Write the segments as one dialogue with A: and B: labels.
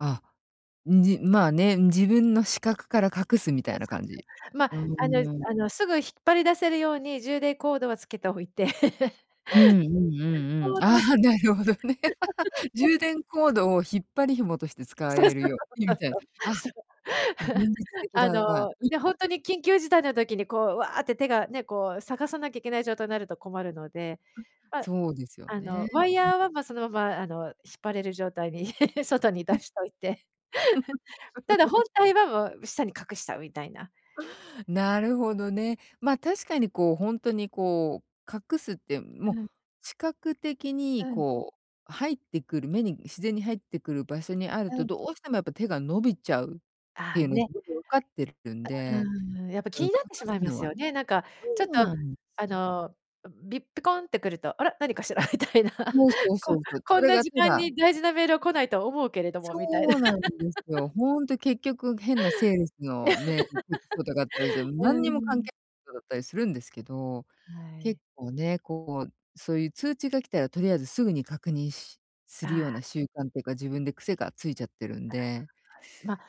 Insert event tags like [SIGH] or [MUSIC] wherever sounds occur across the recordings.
A: あ。んじ、まあ、ね、自分の視覚から隠すみたいな感じ。
B: [UNINTELLIGIBLE] まっ、
A: あう、
B: あの
A: なや。
B: あの、すぐ引っ張り出せるように、充電コードはつけておいて。
A: うんうんう
B: [LAUGHS]
A: んうん。ああ、
B: [UNINTELLIGIBLE]
A: なるほどね。[LAUGHS]
B: [LAUGHS]
A: 充電コードを引っ張り紐として使
B: そうそ
A: える
B: う
A: ように、
B: そう
A: みたいな。あ、
B: そうそうそう、そ
A: 現
B: う。[LAUGHS]
A: 実的
B: あ
A: だな。
B: の、ね、ほんと
A: [LAUGHS]
B: に緊急事態の時に、こう、わって手が、ね、こう、探さなきゃいけない状態になると困るので、
A: うん、
B: まあ、
A: そうですよ
B: あ
A: ね。
B: の、ワイ
A: うん。
B: ヤーは、ま、そのまま、あの、引っ張れる状態に [LAUGHS] 外に
A: うん。
B: 出しといて。[LAUGHS] ただ本
A: [LAUGHS]
B: 体はもう下に隠しちゃうみたいな。
A: なるほどね。ま
B: うん。
A: あ、確かに、こう、ほんとにこう、隠すって、もう、
B: うん。
A: 視覚的に、
B: うん。
A: こう、入ってくる、目に自然に入ってくる場所にある
B: う
A: と、
B: ん。
A: どうしてもやっぱ手が伸びちゃうっ
B: あ
A: て
B: あ、
A: いうのは
B: ね。
A: 自分で分かってるんで、
B: うーん。やっぱ
A: うん、
B: 気
A: 隠
B: になってしま
A: す
B: いま
A: の
B: す
A: は
B: よね。なんか、
A: そ
B: ちょっ
A: う
B: と、
A: なんで
B: あ
A: す。
B: の、ビップコンってくると「あら、何かしら？」みたいな、
A: そうそう
B: こ
A: そうそう。そ
B: こん
A: れ
B: な
A: が
B: 時
A: た
B: 間
A: だ
B: に大事なメールは来ないと思うけれども、
A: そ
B: みたいな。
A: うなんですよ。
B: [LAUGHS]
A: ほんと、結局、変なセールスのメールきっことがあったりして、
B: [LAUGHS] うー
A: 何にも関
B: ん。
A: 係ことだったりするんですけど、
B: はい。
A: 結構ね、こう、そういう通知が来たらとりあえずすぐに確認しす
B: あ
A: るよう
B: あ。
A: な習慣っていうか、自分で癖がついちゃってるんで。
B: [UNINTELLIGIBLE] ま、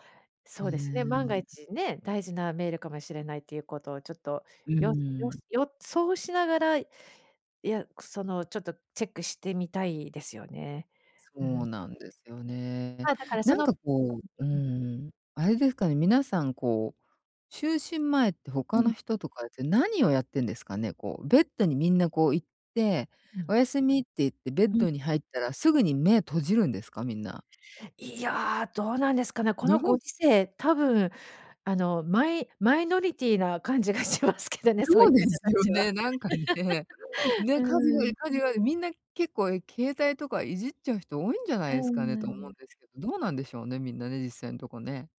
A: う
B: そ
A: ー
B: うですね、万が
A: ん、う。
B: 一ね、大事なメールかもしれないということをちょっと、
A: う
B: よよ
A: ーん。
B: 予想しながら、いや、くその、ちょっとチェックしてみたいですよね。う
A: そ
B: ん。
A: うなんですよね。
B: ま、だからそ
A: なん
B: の
A: か、
B: う
A: こうう
B: んうん。
A: ん、あれですかね。皆さん、こう、就寝前って、
B: う
A: 他
B: ん。
A: の人とかって何をやってんですかね。こう、ベッドにみんな、こう、行って
B: う
A: 「お
B: ん。
A: やすみ」って言って、ベッ
B: うん。
A: ドに入ったらすぐに目閉じるんですか？みんな。
B: いや、どうなんですかね。こ
A: ぬ
B: の
A: ほ。
B: ご時世、多分、あの、マイマイノリティーな感じがしますけどね、そう
A: そ
B: い
A: う
B: う
A: で
B: 方
A: す
B: た
A: よ
B: ちは。
A: ね、なんか、ね。
B: [LAUGHS] う
A: ね、かず
B: ー
A: より、
B: ん。
A: カジュアル、みんな結構、携帯とかいじっちゃう人多いんじゃな
B: うー
A: いですかね、と思うん
B: ん。
A: ですけど、どうなんでしょうね？みんな、ね、実際のとこね。